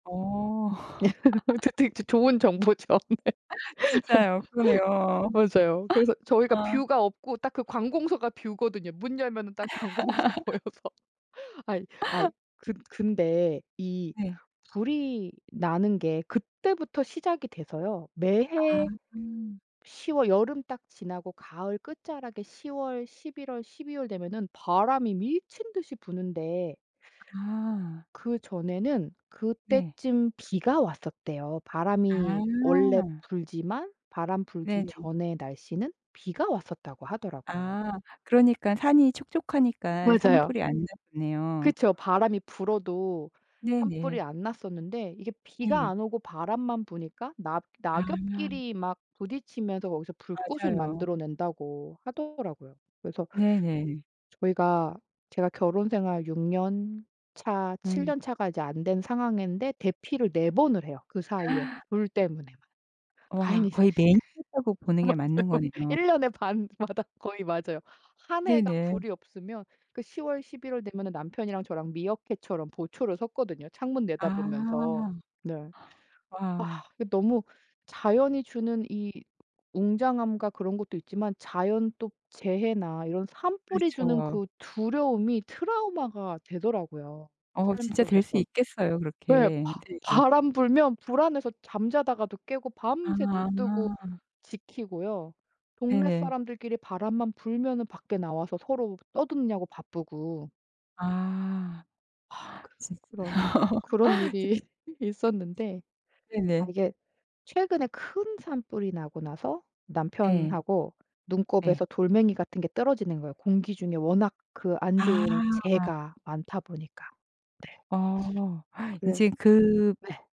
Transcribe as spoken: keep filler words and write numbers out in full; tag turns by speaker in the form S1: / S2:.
S1: 어.
S2: 어쨋든 이 좋은 정보죠. 네.
S1: 진짜요. 그러네요.
S2: 맞아요. 그래서 저희가
S1: 아.
S2: 뷰가 없고 딱 그 관공서가 뷰거든요. 문 열면 딱 관공서 보여서 아이, 아이 근 근데 이
S1: 네.
S2: 불이 나는 게 그때부터 시작이 돼서요.
S1: 아.
S2: 매해
S1: 아.
S2: 시 월 여름 딱 지나고 가을 끝자락에 시 월, 십일 월, 십이 월 되면은 바람이 미친 듯이 부는데
S1: 아.
S2: 그전에는
S1: 네.
S2: 그때쯤 비가 왔었대요. 바람이 원래
S1: 아.
S2: 불지만 바람 불기
S1: 네네.
S2: 전에 날씨는 비가 왔었다고 하더라고요.
S1: 아 그러니까 산이 촉촉하니까
S2: 맞아요.
S1: 산불이 안 나네요.
S2: 그쵸. 바람이 불어도 산불이
S1: 네네.
S2: 안 났었는데 이게 비가
S1: 네.
S2: 안 오고 바람만 부니까 낙
S1: 아.
S2: 낙엽끼리 막 부딪히면서 거기서 불꽃을
S1: 맞아요.
S2: 만들어 낸다고 하더라고요. 그래서
S1: 네네.
S2: 저희가 제가 결혼생활 육 년 차, 칠
S1: 음.
S2: 년 차가 이제 안 된 상황인데 대피를 네 번을 해요. 그 사이에
S1: 아.
S2: 불 때문에만.
S1: 와
S2: 다행히.
S1: 거의 매년 했다고 보는 게 맞는
S2: 맞아요.
S1: 거네요.
S2: 일 년에 반마다 거의 맞아요. 한 해가
S1: 네네.
S2: 불이 없으면 그 시 월, 십일 월 되면 남편이랑 저랑 미어캣처럼 보초를 섰거든요. 창문 내다보면서
S1: 아.
S2: 네. 아
S1: 와.
S2: 너무 자연이 주는 이 웅장함과 그런 것도 있지만 자연 또 재해나 이런 산불이 주는
S1: 그렇죠.
S2: 그 두려움이 트라우마가 되더라고요.
S1: 어
S2: 삶
S1: 진짜 될 수
S2: 속에서.
S1: 있겠어요
S2: 네
S1: 그렇게.
S2: 바
S1: 네네.
S2: 바람 불면 불안해서 잠자다가도 깨고 밤새 눈
S1: 아.
S2: 뜨고 지키고요. 동네
S1: 네네.
S2: 사람들끼리 바람만 불면 밖에 나와서 서로 떠드냐고 바쁘고
S1: 아.
S2: 아
S1: 하. 진
S2: 그런 그런
S1: 진
S2: 일이 있었는데 아
S1: 네네.
S2: 이게 최근에 큰 산불이 나고 나서
S1: 네.
S2: 남편하고 눈곱에서
S1: 네.
S2: 돌멩이 같은 게 떨어지는 거예요. 공기 중에 워낙 그 안 좋은
S1: 아.
S2: 재가 많다 보니까. 네.
S1: 어
S2: 그래
S1: 이젠 그
S2: 네.